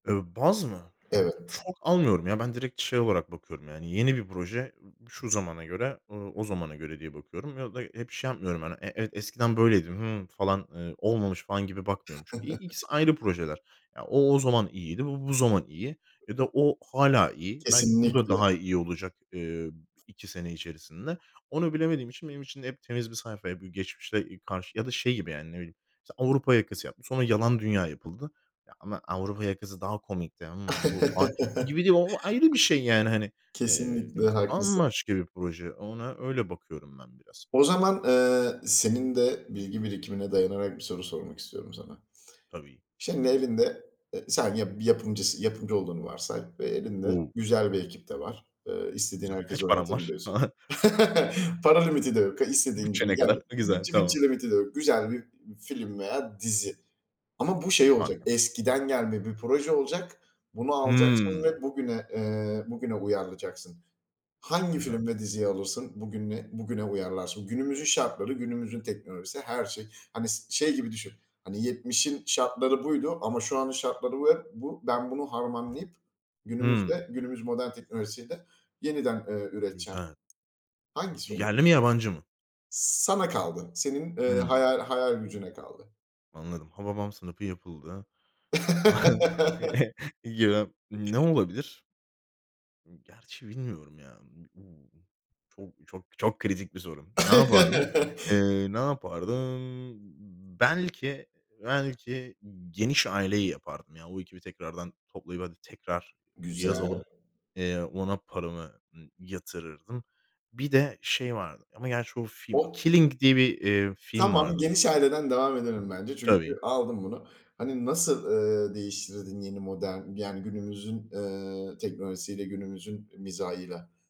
Iıı, baz mı? Evet. Çok almıyorum ya ben, direkt şey olarak bakıyorum. Yani, yeni bir proje, şu zamana göre, ııı, o zamana göre diye bakıyorum ya da hep şey yapmıyorum. Hani, e evet eskiden böyleydim, hımm, falan, ııı, olmamış falan gibi bakmıyorum. Çünkü i ikisi ayrı projeler ya o, o zaman iyiydi, bu, bu zaman iyi ya da o hâlâ iyi. Belki bu da, Kesinlikle. daha iyi olacak. Iıı, 2 sene içerisinde. Onu bilemediğim için, benim için hep temiz bir sayfa, ya, bir geçmişle karşı ya da şey gibi, yani, ne bileyim, mesela, Avrupa Yakası yapmas Sonra Yalan Dünya yapıldı. Ya, ama Avrupa Yakası daha komikti. Hımm, bu falan, gibi değil. O ayrı bir şey yani, hani. Eee, Kesinlikle, haklısın. bambaşka bir proje, ona öyle bakıyorum ben biraz. O zaman, ııı, senin de bilgi birikimine dayanarak bir soru sormak istiyorum sana. Tabii. Şimdi, elinde, ııı, sen yap bir yapımcısın, yapımcı olduğunu varsay ve elinde O! güzel bir ekip de var. Iıı, istediğin Güzel. herkesi Kaç param var? Hı oynatabilirsin. hı. Para limiti de yok. İstediğin gibi Bütçe ne gel. kadar? Yani Güzel. bütçe Tamam. mütçe limiti de yok. Güzel bir film veya dizi ama bu şey olacak. Harika. Eskiden gelme bir proje olacak. Bunu alacaksın Hımm. ve bugüne, ııı, bugüne uyarlayacaksın. Hangi Güzel. film ve diziyi alırsın? Bugününe, bugüne uyarlarsın. Günümüzün şartları, günümüzün teknolojisi, her şey. Hani s şey gibi düşün, hani, 70'in şartları buydu ama şu an, şartları ve bu, ben bunu harmanlayıp Hımm. günümüzde, günümüz modern teknolojisiyle yeniden, ııı, üreteceğim. Güzel. Hangisi olurdu Yerli mi, yabancı mı? Sana kaldı, senin, ııı, Hımm. haya hayal gücüne kaldı. Anladım. Hababam sınıfı yapıldı. Eee. [unintelligible] Ne olabilir? Gerçi bilmiyorum ya b b çok, çok, çok kritik bir soru. Ne yapardım? Iıı, ne yapardım? Belki, belki Geniş Aile'yi yapardım. Ya, o ekibi tekrardan toplayıp, hadi, tekrar Güzel. yazalım. Eee, ona paramı, ııı, yatırırdım. Bir de şey vardı ama gerçi o film. Oh. [unintelligible] Killing diye bir, eee, film Tamam, vardı. Geniş Aile'den devam edelim bence Tabii. çünkü aldım bunu. Hani, nasıl, ııı, değiştirirdin yeni modern yani günümüzün, eee, teknolojisiyle günümüzün mizahıyla?